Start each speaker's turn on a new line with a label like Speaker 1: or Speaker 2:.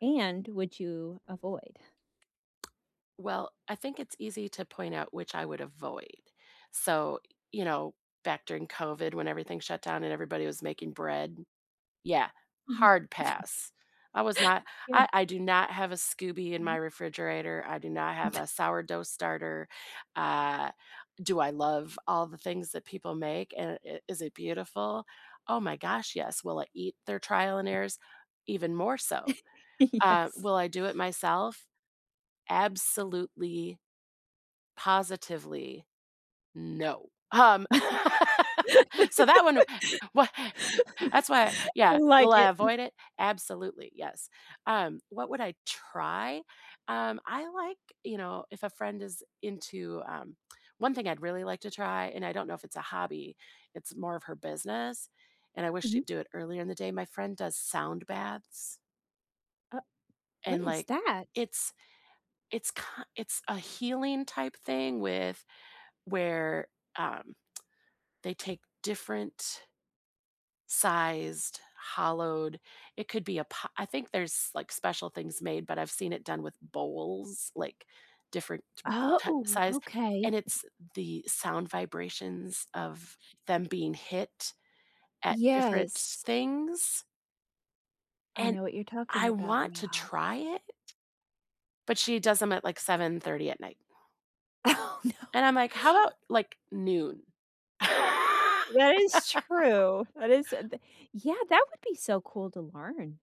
Speaker 1: And would you avoid?
Speaker 2: Well, I think it's easy to point out which I would avoid. So, you know, back during COVID when everything shut down and everybody was making bread. Yeah,
Speaker 1: Mhm.
Speaker 2: hard pass. I was not I
Speaker 1: Yeah.
Speaker 2: I do not have a SCOBY in my
Speaker 1: Mhm.
Speaker 2: refrigerator; I do not have a sourdough starter, uh, do I love all the things that people make, and i is it beautiful? Oh my gosh, yes. Will I eat their trial and errors? Even more so. Uh,
Speaker 1: Yes.
Speaker 2: Will I do it myself? Absolutely, positively, no! Um, So that one why that's why I
Speaker 1: I
Speaker 2: Yeah.
Speaker 1: like
Speaker 2: Will I
Speaker 1: it.
Speaker 2: avoid it? Absolutely, yes. Um, what would I try? Um, I like You know, if a friend is into, um One thing I'd really like to try, and I don't know if it's a hobby, it's more of her business, and I wish she'd
Speaker 1: Mhm.
Speaker 2: do it earlier in the day, my friend does sound baths
Speaker 1: Uh What
Speaker 2: and,
Speaker 1: is
Speaker 2: like,
Speaker 1: that?
Speaker 2: it's it's ki it's a healing type thing with where, um, they take different sized, hollowed It could be a po I think there's, like, special things made, but I've seen it done with bowls, like, different t
Speaker 1: Ah,
Speaker 2: ta
Speaker 1: oh,
Speaker 2: size,
Speaker 1: okay.
Speaker 2: and it's the sound vibrations of them being hit at different s
Speaker 1: Yes.
Speaker 2: things
Speaker 1: I
Speaker 2: and
Speaker 1: know what you're talking
Speaker 2: I
Speaker 1: about
Speaker 2: want to
Speaker 1: now.
Speaker 2: try it, but she does 'em at, like, 7:30 at night
Speaker 1: Oh, no.
Speaker 2: and I'm like, "How about, like, noon?"
Speaker 1: That is true. That is, uh the Yeah, that would be so cool to learn.